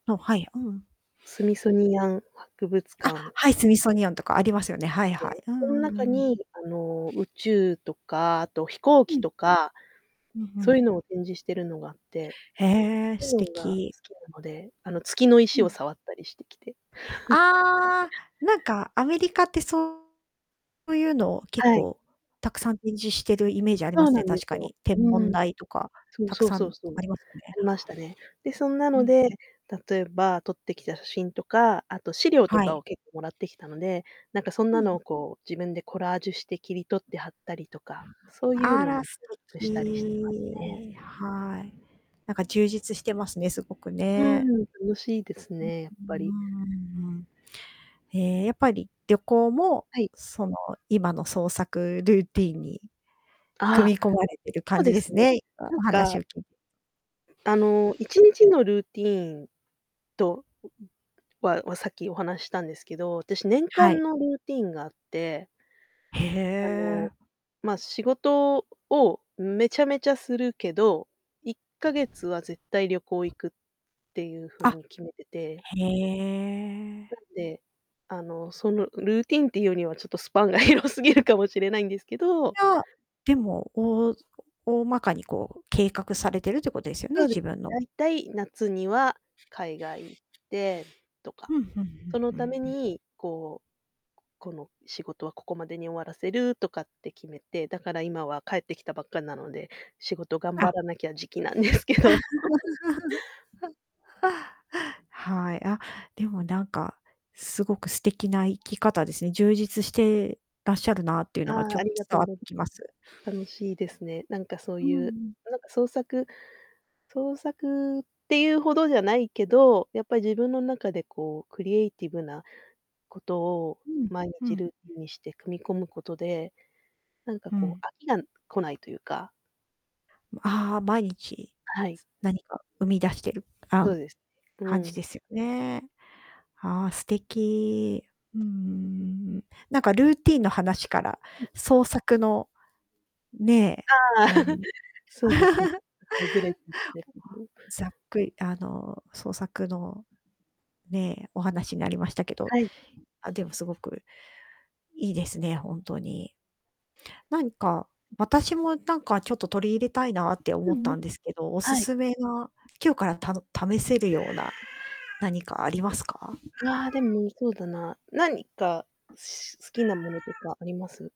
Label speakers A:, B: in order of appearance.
A: あ、はい。うん。
B: スミソニアン博物
A: あ、
B: 館
A: はい、スミソニアンとかありますよね。はいは
B: で、
A: い。うん
B: その
A: うん
B: 中
A: うん。
B: にあの宇宙とか、あと飛行
A: う
B: 機
A: ん。
B: とか、
A: うんう
B: そうい
A: ん。
B: うのを展示してるのがあって。
A: へえ、素
B: が好
A: 敵。
B: きなので、あの月の
A: う
B: 石を
A: ん。
B: 触ったりしてきて。
A: ああ、なんかアメリカってそう。そういうのを結
B: はい。
A: 構たくさん展示してるイメージあり
B: そ
A: ま
B: う
A: す
B: な
A: ね、
B: んで
A: 確
B: す
A: か
B: よ。
A: に。天
B: う
A: 文
B: ん。
A: 台とか
B: そう
A: たく
B: そう
A: さ
B: そ
A: ん
B: うそ
A: あ
B: う。
A: りますよね。
B: ありましたね。で、そんな
A: う
B: の
A: ん
B: で、
A: うん。
B: 例えば撮ってきた写真とか、あと資料と
A: は
B: か
A: い。
B: を結構貰ってきたので、なんかそん
A: う
B: なのを
A: ん。
B: こう自分でコラージュして切り取って貼ったりとか、そういう
A: あ
B: の
A: ら
B: も
A: 素
B: したりしてます
A: 敵。
B: ね。
A: はい。なんか充実してますね、すごく
B: う
A: ね。
B: ん、楽しいです
A: うん。
B: ね、やっぱり。
A: うーん。ええ、やっぱり旅行も
B: はい。
A: その、今の創作ルーティーンに
B: ああ、
A: 組み込まれてる
B: そ
A: 感
B: う
A: じ
B: で
A: で
B: す
A: す
B: ね。
A: ね、今
B: なん
A: お話
B: か
A: を聞いて。
B: あの、1日のルーティンとはさっきお話したんですけど、私年
A: は
B: 間
A: い。
B: のルーティンがあって
A: へ
B: あの、
A: え。
B: まあ仕事をめちゃめちゃするけど、1ヶ月は絶対旅行行くっていう風
A: あ。
B: に決めてて
A: へ
B: な
A: え。
B: んで、あの、そのルーティンっていうにはちょっとスパンが広すぎるかもしれないんですけ
A: い
B: ど。
A: や、でも、おお大まかにこう計画されてるってことですよね、
B: そうです。
A: 自分の。
B: 大体夏には海外行ってとか。
A: ふんふんふん
B: その
A: ふ
B: た
A: ん
B: め
A: ふん。
B: にこう、この仕事はここまでに終わらせるとかって決めて、だから今は帰ってきたばっかなので、仕事頑張
A: あ。
B: らなきゃ時期なんですけど。
A: はい。あ、でもなんか、すごく素敵な生き方ですね、充実してらっしゃるなっていう
B: あ
A: のがちょ
B: あ、
A: っ
B: あ
A: と
B: りがと
A: 伝
B: う
A: わって
B: ござ
A: きます。
B: 楽しいですね。なんかそう
A: うん
B: い
A: う
B: う、
A: ん。
B: なんか創作創作っていうほどじゃないけど、やっぱり自分の中でこうクリエイティブなことを
A: うん。
B: 毎
A: う
B: 日
A: ん。
B: ルーティンにして組み込むことで、なんか
A: う
B: こ
A: ん。
B: う飽きが来ないというか。
A: ああ、毎日
B: はい。
A: 何か生み出してる、
B: そ
A: あ、
B: うですね、う
A: 感じ
B: ん。
A: ですよね。ああ、素敵。うーん。なんかルーティンの話から創作の。ねえ、
B: ああ、
A: あ の。
B: そうですね。
A: ざっくあの創作の、ねえ、お話になりましたけど。
B: はい。
A: あ、でもすごくいいですね、ほんとに。なんか、私もなんかちょっと取り入れたいなって
B: う
A: 思っ
B: んうん。
A: たんですけどお
B: はい。
A: 勧めは、今日からた試せるような何かありますか？
B: ああ、でも、そうだな、何か好きなものとかあります？